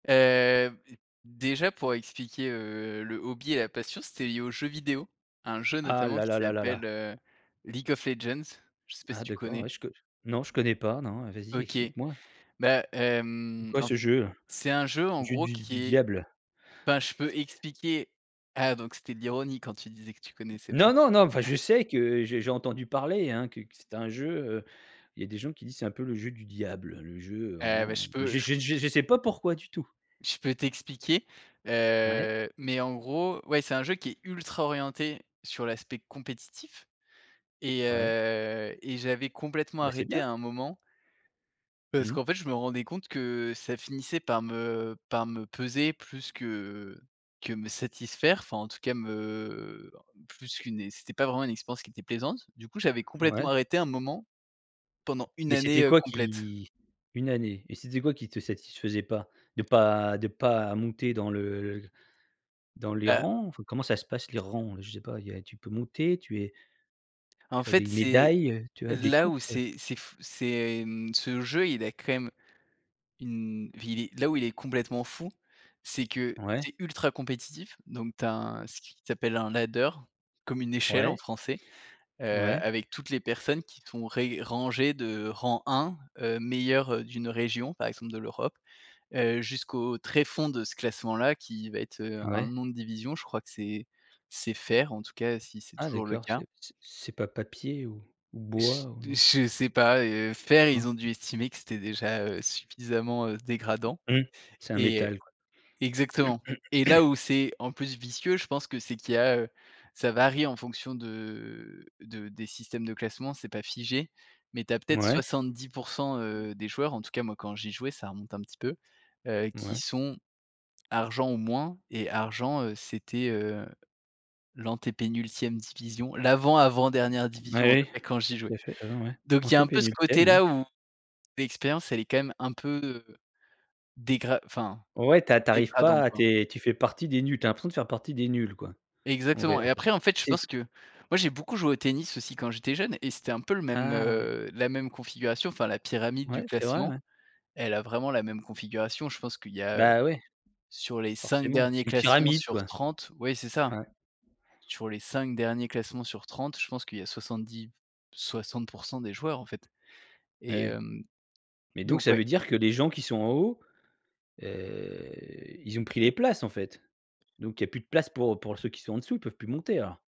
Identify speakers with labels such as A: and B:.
A: Heu, b déjà pour expliquer, heu, le hobby et la passion, c'était lié aux jeux vidéos, un jeu
B: Ah,
A: notamment
B: là,
A: qui
B: là, là,
A: s'appelle,
B: là.
A: heu, League of Legends, je sais pas si
B: Ah
A: tu
B: d'accord,
A: connais?
B: ouais, je co j non, je connais pas non, vas-y,
A: OK.
B: explique moi.
A: Bah,
B: C'est
A: hem,
B: quoi
A: en
B: ce
A: f
B: jeu?
A: c'est un jeu,
B: Le
A: en
B: jeu
A: gros,
B: du
A: qui
B: du
A: est
B: diable.
A: enfin, je peux expliquer. Ah donc c'était de l'ironie quand tu disais que tu connaissais pas?
B: Non, non, non, enfin je sais que je j'ai entendu parler, hein, que que c'était un jeu, heu, il y a des gens qui disent: «C'est un peu le jeu du diable», le jeu
A: Heu, bah,
B: vraiment.
A: je peux
B: Je
A: j
B: je je je sais pas pourquoi du tout.
A: je peux t'expliquer.
B: Ouais.
A: Heu, mais en gros, ouais, c'est un jeu qui est ultra orienté sur l'aspect compétitif et
B: Ouais.
A: heu, et j'avais complètement
B: Ah bah, c'est
A: arrêté
B: bien.
A: à un moment parce
B: Mmh.
A: qu'en fait, je me rendais compte que ça finissait par me par me peser plus que que me satisfaire, enfin, en tout cas, me ben, plus qu'une e c'était pas vraiment une expérience qui était plaisante. Du coup, j'avais complètement
B: Ouais.
A: arrêté à un moment pendant 1
B: Mais
A: année,
B: c'était
A: heu,
B: quoi,
A: complète.
B: qui 1 année, et c'était quoi qui te satisfaisait pas? De pas de pas monter dans le dans les
A: Heu.
B: rangs? Enfin, comment ça se passe les rangs? Je sais pas, il y a tu peux monter? Tu es
A: En
B: tu as
A: fait,
B: des
A: c'est
B: médailles, heu? Tu as des
A: là
B: coupes,
A: où
B: heu?
A: c'est c'est f c'est, mmh, ce jeu il a quand même une vili là où il est complètement fou, c'est que
B: Ouais.
A: c'est ultra compétitif, donc tu as un ce qui s'appelle un ladder, comme une échelle en
B: Ouais.
A: français. Heu,
B: Ouais.
A: avec toutes les personnes qui sont ré rangées de rang 1, heu, meilleur, heu, d'une région, par exemple de l'Europe, heu, jusqu'au tréfond de ce classement là, qui va être, heu, un
B: Ouais.
A: nom de division, je crois que c'est c'est fer, en tout cas, si c'est
B: Ah
A: toujours le
B: d'accord, c'est
A: cas.
B: p c'est c'est pas papier ou ou bois,
A: J
B: ou? Non.
A: je sais pas, heu, fer ils
B: Cor.
A: ont dû estimer que c'était déjà, heu, suffisamment, heu, dégradant
B: Mmh. C'est un
A: et heu
B: métal, quoi.
A: exactement, et là où c'est en plus vicieux, je pense que c'est qu'il y a, heu, ça varie en fonction de de des systèmes de classement, c'est pas figé, mais tu as peut-être
B: Mouais.
A: 70 %, heu, des joueurs, en tout cas, moi, quand j'y jouais, ça remonte un petit peu, heu, qui
B: Mouais.
A: sont argent ou moins, et argent, heu, c'était, heu, l'antépénultième division, l'avant, avant dernière
B: Bah
A: division, en
B: oui.
A: vrai, quand j'y
B: Tout
A: jouais,
B: à fait, quand même, ouais.
A: donc il y a un peu ce côté
B: Antépénultième, ouais.
A: là, où l'expérience elle est quand même un peu, heu, dégrad enfin
B: Ouais, tu as tu arrives pas
A: dégradante,
B: à tu
A: quoi.
B: es tu fais partie des nuls tu as l'impression de faire partie des nuls, quoi. En vrai,
A: Exactement
B: en
A: et
B: fait.
A: après, en fait, je
B: C'est
A: pense
B: ce
A: que moi, j'ai beaucoup joué au tennis aussi quand j'étais jeune et c'était un peu le même,
B: Ah ouais.
A: heu, la même configuration, enfin la pyramide du
B: Ouais, c'est vrai,
A: classement.
B: ouais.
A: Elle a vraiment la même configuration, je pense qu'il y a, heu,
B: Bah ouais.
A: sur les 5
B: Forcément,
A: derniers
B: c'est une
A: classements
B: pyramide
A: sur
B: quoi.
A: 30 ouais c'est ça.
B: Ouais.
A: Sur les 5 derniers classements sur 30, je pense qu'il y a 70-60 % des joueurs, en fait
B: Et
A: et
B: ouais,
A: hem,
B: mais donc
A: donc
B: ça
A: ouais.
B: veut dire que les gens qui sont en haut, heu, ils ont pris les places, en fait? Donc il y a plus de place pour pour ceux qui sont en dessous, ils peuvent plus monter alors?